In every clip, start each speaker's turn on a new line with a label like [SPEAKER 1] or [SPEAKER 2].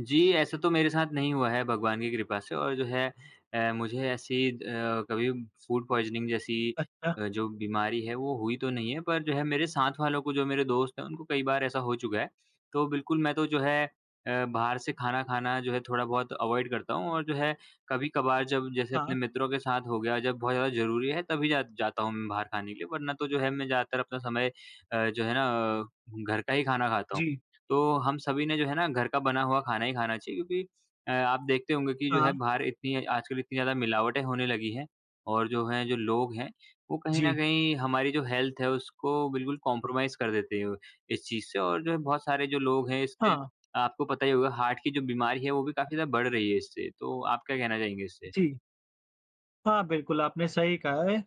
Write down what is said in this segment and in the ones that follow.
[SPEAKER 1] जी, ऐसा तो मेरे साथ नहीं हुआ है भगवान की कृपा से। और जो है अ, मुझे ऐसी अ, कभी फूड पॉइज़निंग जैसी
[SPEAKER 2] अच्छा।
[SPEAKER 1] अ, जो बीमारी है वो हुई तो नहीं है, पर जो है मेरे साथ वालों को, जो मेरे दोस्त हैं उनको कई बार ऐसा हो चुका है। तो बिल्कुल मैं तो जो है अ, बाहर से खाना, खाना जो है थोड़ा-बहुत अवॉइड करता हूँ। और जो है कभी-कभार जब जैसे अपने
[SPEAKER 2] हाँ।
[SPEAKER 1] मित्रों के साथ हो गया, जब बहुत ज़्यादा ज़रूरी है तभी जा जाता हूँ म बाहर खाने के लिए वरना तो जो है मैं ज़्यादातर अपना समय अ, जो है ना घर का ही खाना खाता हूँ।
[SPEAKER 2] जी।
[SPEAKER 1] तो हम सभी ने जो है ना घर का बना हुआ खाना ही खाना चाहिए। क्योंकि अ, आप देखते होंगे कि जो है
[SPEAKER 2] हाँ।
[SPEAKER 1] बाहर इतनी आजकल इतनी ज़्यादा मिलावटें होने लगी हैं और जो है जो लोग हैं वो कहीं न
[SPEAKER 2] जी।
[SPEAKER 1] कहीं हमारी जो हेल्थ है उसको बिल्कुल कॉम्प्रोमाइज़ कर देते हैं इस चीज़ से। और जो बहुत सारे जो लोग हैं इससे
[SPEAKER 2] हाँ।
[SPEAKER 1] आपको पता ही होगा हार्ट की जो बीमारी है वो भी काफ़ी ज़्यादा बढ़ रही है इससे। तो आप क्या कहना चाहेंगे इससे?
[SPEAKER 2] जी। हाँ, बिल्कुल आपने सही कहा है। अ,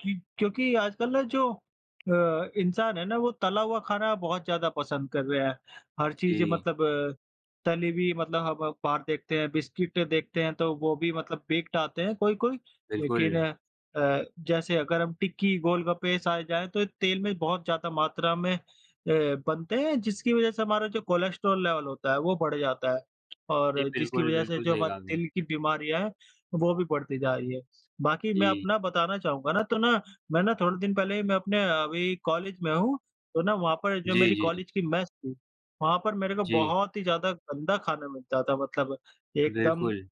[SPEAKER 2] कि क्योंकि आजकल ना जो अ, इंसान है ना वो तला हुआ खाना बहुत ज़्यादा पसंद कर रहे हैं। हर चीज़
[SPEAKER 1] जी।
[SPEAKER 2] मतलब तली हुई मतलब हम म बाहर देखते हैं, बिस्किट देखते हैं तो वो भी मतलब बेक्ड आते हैं कोई-कोई। लेकिन
[SPEAKER 1] बिल्कुल।
[SPEAKER 2] अ, जैसे अगर हम टिक्की, गोलगप्पे साए जाए तो तेल में बहुत ज़्यादा मात्रा में अ, बनते हैं, जिसकी वज़ह से हमारा जो कोलेस्ट्रॉल लेवल होता है वो बढ़ जाता है।
[SPEAKER 1] जी
[SPEAKER 2] और जिसकी
[SPEAKER 1] बिल्कुल,
[SPEAKER 2] वज़ह से
[SPEAKER 1] बिल्कुल
[SPEAKER 2] जो
[SPEAKER 1] सही कहा
[SPEAKER 2] हमारे
[SPEAKER 1] आपने।
[SPEAKER 2] दिल की बीमारियाँ हैं वो भी बढ़ती जा रही है। बाकी मैं
[SPEAKER 1] जी।
[SPEAKER 2] अपना बताना चाहूँगा ना, तो ना मैं ना थोड़े दिन पहले ही मैं अपने अ, वही कॉलेज में हूँ तो ना वहाँ पर जो
[SPEAKER 1] जी,
[SPEAKER 2] मेरी
[SPEAKER 1] जी।
[SPEAKER 2] कॉलेज की मेस थी, वहाँ पर मेरे को
[SPEAKER 1] जी।
[SPEAKER 2] बहुत ही ज़्यादा गंदा खाना मिलता था। मतलब एकदम,
[SPEAKER 1] बिल्कुल।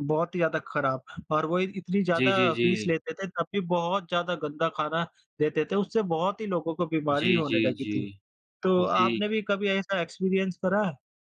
[SPEAKER 2] बहुत ही ज़्यादा ख़राब। और वो इत इतनी
[SPEAKER 1] जी, जी,
[SPEAKER 2] ज़्यादा फ़ीस
[SPEAKER 1] जी।
[SPEAKER 2] लेते थे तब भी बहुत ज़्यादा गंदा खाना देते थे। उससे बहुत ही लोगों को बीमारी
[SPEAKER 1] जी,
[SPEAKER 2] होने
[SPEAKER 1] जी,
[SPEAKER 2] लगी थी।
[SPEAKER 1] जी।
[SPEAKER 2] तो
[SPEAKER 1] जी।
[SPEAKER 2] आपने भी कभी ऐसा एक्सपीरियंस करा है?